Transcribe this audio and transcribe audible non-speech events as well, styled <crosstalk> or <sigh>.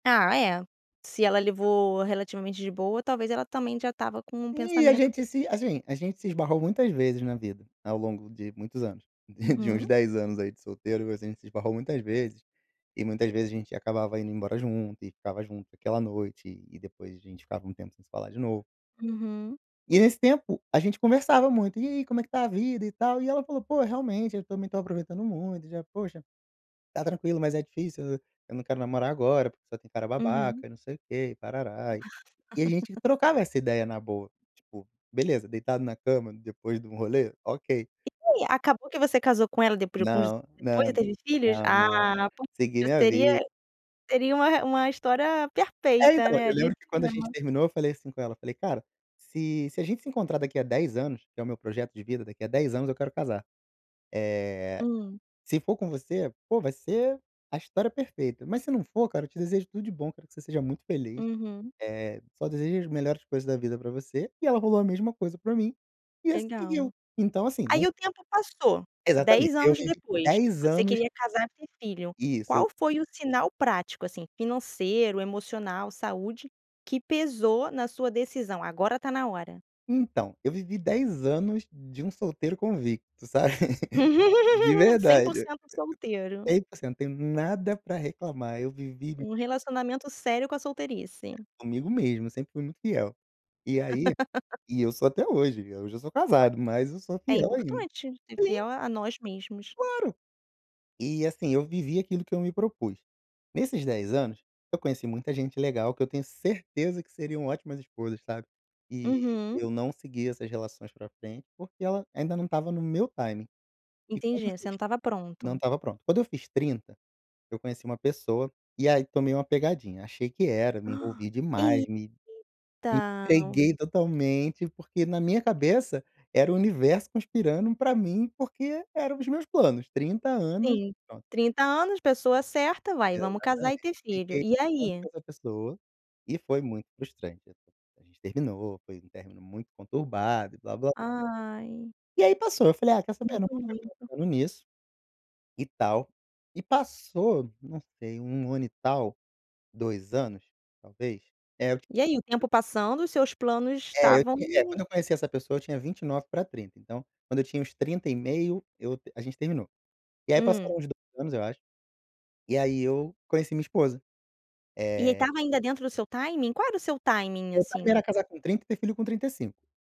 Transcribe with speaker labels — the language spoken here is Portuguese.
Speaker 1: Ah é, se ela levou relativamente de boa, talvez ela também já estava com um
Speaker 2: E a
Speaker 1: pensamento
Speaker 2: gente
Speaker 1: desse
Speaker 2: se
Speaker 1: tipo.
Speaker 2: assim, a gente se esbarrou muitas vezes na vida, ao longo de muitos anos. De uns
Speaker 1: Uhum.
Speaker 2: 10 anos aí de solteiro, a gente se esbarrou muitas vezes, e muitas vezes a gente acabava indo embora junto e ficava junto aquela noite e depois a gente ficava um tempo sem se falar de novo.
Speaker 1: Uhum.
Speaker 2: E nesse tempo a gente conversava muito: "E aí como é que está a vida e tal?". E ela falou: "Pô, realmente eu também estou aproveitando muito e já, poxa, está tranquilo mas é difícil, eu não quero namorar agora porque só tem cara
Speaker 1: Uhum.
Speaker 2: babaca e não sei o quê e tarará". E a gente
Speaker 1: <laughs>
Speaker 2: trocava essa ideia na boa, tipo, beleza, deitado na cama depois de um rolê, ok.
Speaker 1: E aí, acabou que você casou com ela depois com os
Speaker 2: Não, não,
Speaker 1: depois e teve filhos?
Speaker 2: não,
Speaker 1: Ah,
Speaker 2: não. Segui minha
Speaker 1: seria
Speaker 2: vida.
Speaker 1: seria uma uma história
Speaker 2: É,
Speaker 1: perfeita,
Speaker 2: então, eu
Speaker 1: né, de
Speaker 2: lembro que quando a gente
Speaker 1: cinema.
Speaker 2: terminou eu falei assim com ela, falei: "Cara, se se a gente se encontrar daqui a 10 anos, que é o meu projeto de vida, daqui a 10 anos eu quero casar. Eh,
Speaker 1: Hum.
Speaker 2: se for com você, pô, vai ser a história perfeita, mas se não for, cara, te desejo tudo de bom, quero que você seja muito feliz,
Speaker 1: Uhum.
Speaker 2: eh, só desejo as melhores coisas da vida para você". E ela rolou a mesma coisa para mim e assim seguiu.
Speaker 1: Legal.
Speaker 2: Então, assim,
Speaker 1: Aí
Speaker 2: não
Speaker 1: o tempo passou,
Speaker 2: Exatamente,
Speaker 1: 10
Speaker 2: eu
Speaker 1: anos
Speaker 2: vivi
Speaker 1: depois,
Speaker 2: 10
Speaker 1: você
Speaker 2: anos
Speaker 1: queria casar e ter filho,
Speaker 2: Isso eu
Speaker 1: qual foi o sinal prático, assim, financeiro, emocional, saúde, que pesou na sua decisão? Agora está na hora.
Speaker 2: Então, eu vivi 10 anos de um solteiro convicto, sabe? <laughs> De
Speaker 1: <laughs> Cem por
Speaker 2: verdade,
Speaker 1: cento solteiro.
Speaker 2: 100% não tenho nada para reclamar, eu vivi
Speaker 1: Um relacionamento sério com a solteirice.
Speaker 2: Comigo mesmo, eu sempre fui muito fiel. E aí
Speaker 1: <laughs>
Speaker 2: e eu sou até hoje, hoje eu já sou casado, mas eu sou
Speaker 1: É
Speaker 2: fiel ainda.
Speaker 1: importante, ser
Speaker 2: Sim!
Speaker 1: fiel a nós mesmos.
Speaker 2: Claro. E assim eu vivi aquilo que eu me propus. Nesses 10 anos, eu conheci muita gente legal que eu tenho certeza que seriam ótimas esposas, sabe. E
Speaker 1: Uhum.
Speaker 2: eu não segui essas relações para frente, porque ela ainda não estava no meu timing. E quando eu
Speaker 1: Entendi, você
Speaker 2: fiz
Speaker 1: não estava
Speaker 2: não
Speaker 1: pronto.
Speaker 2: estava pronto. Quando eu fiz 30, eu conheci uma pessoa, e aí tomei uma pegadinha, achei que era, me
Speaker 1: <gasps>
Speaker 2: envolvi demais, me me
Speaker 1: Eita.
Speaker 2: entreguei totalmente porque na minha cabeça era o universo conspirando para mim, porque eram os meus planos, 30 anos,
Speaker 1: Sim,
Speaker 2: pronto.
Speaker 1: 30 anos, pessoa certa, vai vamos casar e
Speaker 2: Exatamente.
Speaker 1: ter filho.
Speaker 2: Fiquei
Speaker 1: E
Speaker 2: com
Speaker 1: aí?
Speaker 2: essa pessoa e foi muito frustrante, a gente terminou, foi um término muito conturbado e blá blá
Speaker 1: Ai.
Speaker 2: E aí passou, falei: "Ah, quer saber? Não
Speaker 1: Sinto
Speaker 2: vou ficar
Speaker 1: muito.
Speaker 2: pensando nisso, e tal". E passou, não sei, 1 ano e tal, 2 anos, talvez, é.
Speaker 1: E aí o tempo passando os seus planos
Speaker 2: É, eu
Speaker 1: estavam
Speaker 2: tinha é quando eu conheci essa pessoa eu tinha 29 para 30, então, quando eu tinha uns 30 e meio eu a gente terminou. E aí
Speaker 1: Hum.
Speaker 2: passaram os 2 anos, eu acho, e aí eu conheci minha esposa.
Speaker 1: E
Speaker 2: Eh
Speaker 1: estava ainda dentro do seu timing? Qual era o seu timing,
Speaker 2: Meu timing
Speaker 1: assim?
Speaker 2: era casar com 30 e ter filho com 35.